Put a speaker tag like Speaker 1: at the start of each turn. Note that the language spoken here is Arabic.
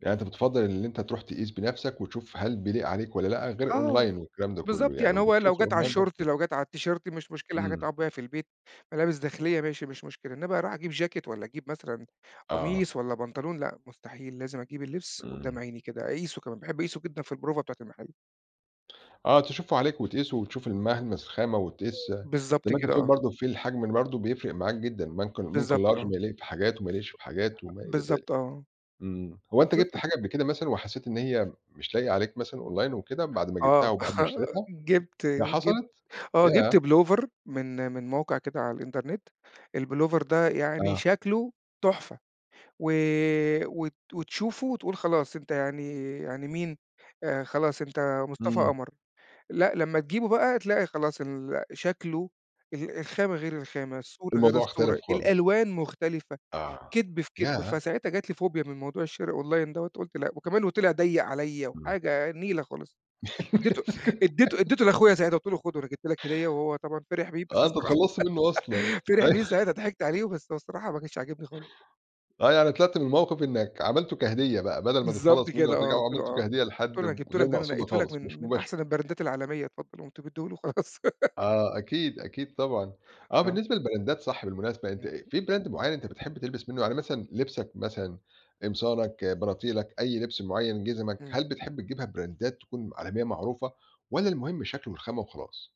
Speaker 1: يعني أنت بتفَضّل إن أنت تروح تقيس بنفسك وتشوف هل بيليق عليك والّا لأ، غير
Speaker 2: آه.
Speaker 1: أونلاين والكلام ده كله
Speaker 2: بالضبط
Speaker 1: يعني
Speaker 2: يعني هو
Speaker 1: وبتشوف
Speaker 2: لو جات على
Speaker 1: الأونلاين
Speaker 2: الشورت،
Speaker 1: [unintelligible]
Speaker 2: لو جات على التيشيرت مش مشكلة، حاجة
Speaker 1: إمم.
Speaker 2: تُقعُد بيها في البيت، ملابس داخلية ماشي، مش مشكلة، إنما أروح أجيب جاكيت والّا أجيب مثلًا
Speaker 1: آه.
Speaker 2: قميص والّا بنطلون لأ مستحيل، لازم أجيب اللبس قُدّام
Speaker 1: إمم.
Speaker 2: عيني كده، أقيسه كمان، باحب أقيسه جدًا في البروفة بتاعة المحل.
Speaker 1: آه، تشوفُه عليك وتقيسه وتشوف الملمس الخامة وتقيس زي
Speaker 2: بالضبط
Speaker 1: ما أنت
Speaker 2: كده،
Speaker 1: بتقول
Speaker 2: آه.
Speaker 1: برضه في الحجم ال برضه بيفرق معاك جدًا، بنكن ممكن
Speaker 2: بالضبط،
Speaker 1: لارج
Speaker 2: آه.
Speaker 1: بيليق في حاجات وما يليقش في حاجات وما إلى ذلك.
Speaker 2: الضبط، آه.
Speaker 1: إمم. هو أنت
Speaker 2: بالضبط.
Speaker 1: جِبت
Speaker 2: ام
Speaker 1: حاجة قبل كده مثلًا وحسيت إن هي مش لايقة عليك مثلًا أونلاين وكده، بعد ما جبتها
Speaker 2: آه.
Speaker 1: أو بعد ما اشتريتها؟
Speaker 2: جِبت
Speaker 1: ياه
Speaker 2: جِبت
Speaker 1: حصلت؟
Speaker 2: آه، جِبت
Speaker 1: ياه!
Speaker 2: بلوفر من من موقع كده على الإنترنت، البلوفر ده يعني
Speaker 1: آه.
Speaker 2: شكله تحفة، و وت وتشوفه وتقول خلاص أنت يعني يعني مين، آآ، خلاص أنت مصطفى
Speaker 1: إمم.
Speaker 2: قمر، لأ لمّا تجيبه بقى تلاقي خلاص ال شكله ال الخامة غير الخامة، الصورة غير
Speaker 1: الموضوع اختلف
Speaker 2: الصورة،
Speaker 1: خالص.
Speaker 2: الألوان مختلفة،
Speaker 1: آه.
Speaker 2: كِدب في كِدب،
Speaker 1: ياه!
Speaker 2: فساعتها جات لي فوبيا من موضوع الشرا أونلاين دوّة قُلت لأ، وكمان وطِلع ضيّق عليَّ
Speaker 1: إمم.
Speaker 2: وحاجة نيلة خالص، إدّيته إدّيته أديته لأخويا ساعتها قُلت له خُده أنا جِبت لك هدية وهو طبعًا فِرح بيه بس
Speaker 1: آه، أنت
Speaker 2: الصراحة
Speaker 1: اتخلّصت منه أصلًا.
Speaker 2: فِرح
Speaker 1: أي
Speaker 2: بيه ساعتها، ضِحِكت عليه، بس هو الصراحة ما كانش عاجبني خالص.
Speaker 1: آه، يعني طلعت من الموقف إنّك عملته كهدية بقى، بدل ما
Speaker 2: بالضبط
Speaker 1: تتخلص منه
Speaker 2: كده، آه،
Speaker 1: أوترَجّعه
Speaker 2: قُلت له
Speaker 1: عملته
Speaker 2: آه،
Speaker 1: كهدية
Speaker 2: قُلت له:
Speaker 1: لحد
Speaker 2: "أنا جِبته
Speaker 1: وغير
Speaker 2: لك ده، أنا
Speaker 1: مقصودة
Speaker 2: نقيتُه لك
Speaker 1: خالص، مش
Speaker 2: من من
Speaker 1: مباشرة.
Speaker 2: أحسن البرندات العالمية، اتفضّل." وقُمت مديه له وخلاص.
Speaker 1: آه أكيد أكيد طبعًا، آه
Speaker 2: آه.
Speaker 1: بالنسبة للبراندات صح بالمناسبة، أنت
Speaker 2: امم.
Speaker 1: أ في Brand معين أنت بتحب تلبس منه؟ يعني مثلًا لِبسك مثلًا، قمصانك بناطيلك، أي لِبس مُعين، جِزمك،
Speaker 2: إمم.
Speaker 1: هل بتحب تجيبها براندات تكون عالمية معروفة؟ والّا المُهم الشكل والخامة وخلاص؟